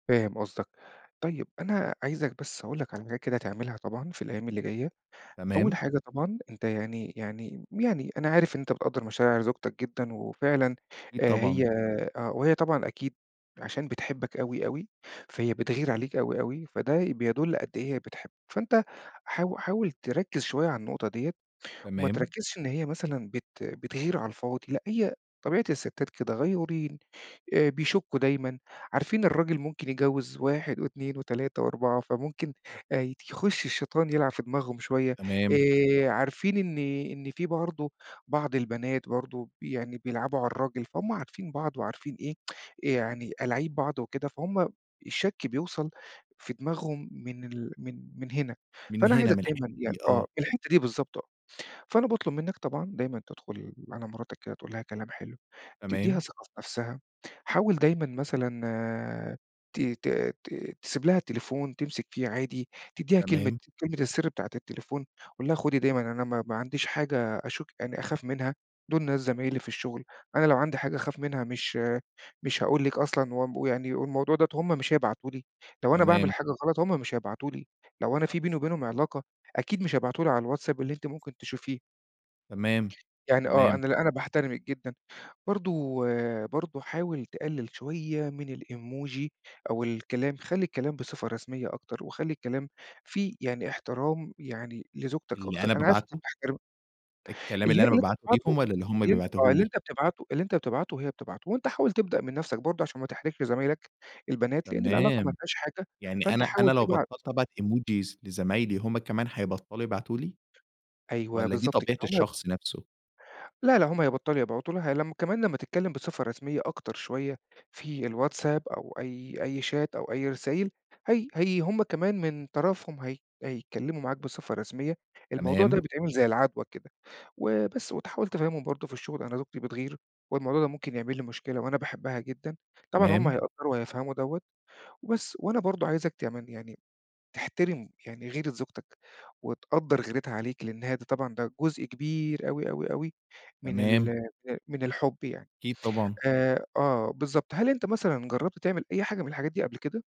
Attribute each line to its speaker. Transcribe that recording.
Speaker 1: فاهم قصدك. طيب، أنا عايزك بس أقول لك على حاجات كده تعملها طبعًا في الأيام اللي جاية. أول
Speaker 2: تمام.
Speaker 1: حاجة طبعًا أنت يعني يعني يعني أنا عارف إن أنت بتقدَّر مشاعر زوجتك جدًا وفعلًا
Speaker 2: أكيد
Speaker 1: آآ
Speaker 2: طبعًا.
Speaker 1: هي آه. وهي طبعًا أكيد عشان بتحبك أوي، أوي، فهي بتغِير عليك أوي، أوي، فده بيدُل قد إيه هي بتحب. فأنت حاو حاول تركّز شوية على النقطة ديّة وما
Speaker 2: تمام.
Speaker 1: تركّزش إن هي مثلًا بت بتغِير على الفاضي، لأ هي طبيعة السِتّات كده غيورين، آآ بيشكُّوا دايمًا، عارفين الراجل ممكن يتجوّز 1 و2 و3 و4، فممكن ايت يخُش الشيطان يلعب في دماغهم شوية،
Speaker 2: تمام.
Speaker 1: آآ عارفين إن إن فيه برضه بعض البنات برضه يعني بيلعبوا على الراجل، فهُم عارفين بعض وعارفين إيه، يعني ألاعيب بعض وكده، فهُم الشَك بيوصل في دماغهم من ال من من هنا.
Speaker 2: من
Speaker 1: فأنا
Speaker 2: هنا،
Speaker 1: عايزك
Speaker 2: من الحتّة
Speaker 1: دايمًا يعني
Speaker 2: دي، آه.
Speaker 1: آه. الحتّة دي بالضبط آه. فأنا باطلب منّك طبعًا دايمًا تدخُل على مراتك كده تقول لها كلام حلو، تدّيها
Speaker 2: تمام.
Speaker 1: ثقة في نفسها. حاول دايمًا مثلًا ت ت ت تسيب لها التليفون تمسك فيه عادي، تدّيها كلمة
Speaker 2: تمام.
Speaker 1: كلمة السِر بتاعة التليفون، قُل لها خُدي دايمًا أنا ما ما عنديش حاجة أشُك يعني أخاف منها، دُول ناس زمايلي في الشغل، أنا لو عندي حاجة أخاف منها مش مش هاقول لِك أصلًا ومب ويعني والموضوع دوّة هم مش هيبعتوا لي، لو أنا باعمل
Speaker 2: تمام
Speaker 1: حاجة غلط، هم مش هيبعتوا لي. لو أنا فيه بيني وبينهم علاقة، أكيد مش هيبعتوا لي على الواتساب اللي أنتِ ممكن تشوفيه.
Speaker 2: تمام.
Speaker 1: يعني آه.
Speaker 2: تمام.
Speaker 1: أنا لأ، أنا باحترمِك جدًا. برضه برضه حاول تقلِّل شوية من الemoji أو الكلام، خلّي الكلام بصفة رسمية أكتر وخلّي الكلام فيه يعني احترام يعني لزوجتك
Speaker 2: اللي
Speaker 1: أكتر،
Speaker 2: أنا
Speaker 1: أنا عارف أنت
Speaker 2: بابعته؟
Speaker 1: بتحترمها
Speaker 2: الكلام
Speaker 1: اللي
Speaker 2: اللي
Speaker 1: هي
Speaker 2: أنا
Speaker 1: اللي أنت
Speaker 2: بابعته
Speaker 1: بتبعته،
Speaker 2: ليهم والّا اللي هم
Speaker 1: اللي أنت آه. اللي
Speaker 2: بيبعتوه لي؟
Speaker 1: أنت بتبعته اللي أنت بتبعته هي بتبعته، وأنت حاول تبدأ من نفسك برضه عشان ما تحرجش زمايلك البنات، لإن العلاقة ما
Speaker 2: تمام.
Speaker 1: فيهاش حاجة،
Speaker 2: يعني
Speaker 1: فأنت
Speaker 2: أنا أنا
Speaker 1: حاول
Speaker 2: لو
Speaker 1: تبعت
Speaker 2: بطَلت أبعت emojis لزمايلي، هم كمان هيبطّلوا يبعتوا لي
Speaker 1: أيوه،
Speaker 2: والّا دي
Speaker 1: بالضبط كده.
Speaker 2: طبيعة
Speaker 1: هم هيب
Speaker 2: الشخص نفسه؟
Speaker 1: لا، لا، هم هيبطَلوا يبعتوا لها لمّا كمان لمّا تتكلّم بصفة رسمية أكتر شوية في الواتساب أو أي أي شات أو أي رسايل، هي هي هم كمان من طرفهم هي هيتكلّموا معاك بصفة رسمية. الموضوع ده
Speaker 2: تمام.
Speaker 1: بيتعمل زي العَدوى كده. وبس وتحاول تفهِّمهم برضه في الشُغل، أنا زوجتي بتغِير والموضوع ده ممكن يعمل لي مشكلة وأنا باحبها جدًا. طبعًا هم
Speaker 2: تمام.
Speaker 1: هيقدّروا وهيفهموا دوّة وبس. وأنا برضه عايزك كمان يعني تحترم يعني غيرة زوجتك وتقدَّر غيرتها عليك، لإن هي دي طبعًا ده جزء كبير أوي، أوي، أوي من ال
Speaker 2: تمام.
Speaker 1: ال من الحُب يعني.
Speaker 2: أكيد طبعًا.
Speaker 1: آآ آه بالضبط. هل انت مثلًا جرَبت تعمل أي حاجة من الحاجات دي قبل كده؟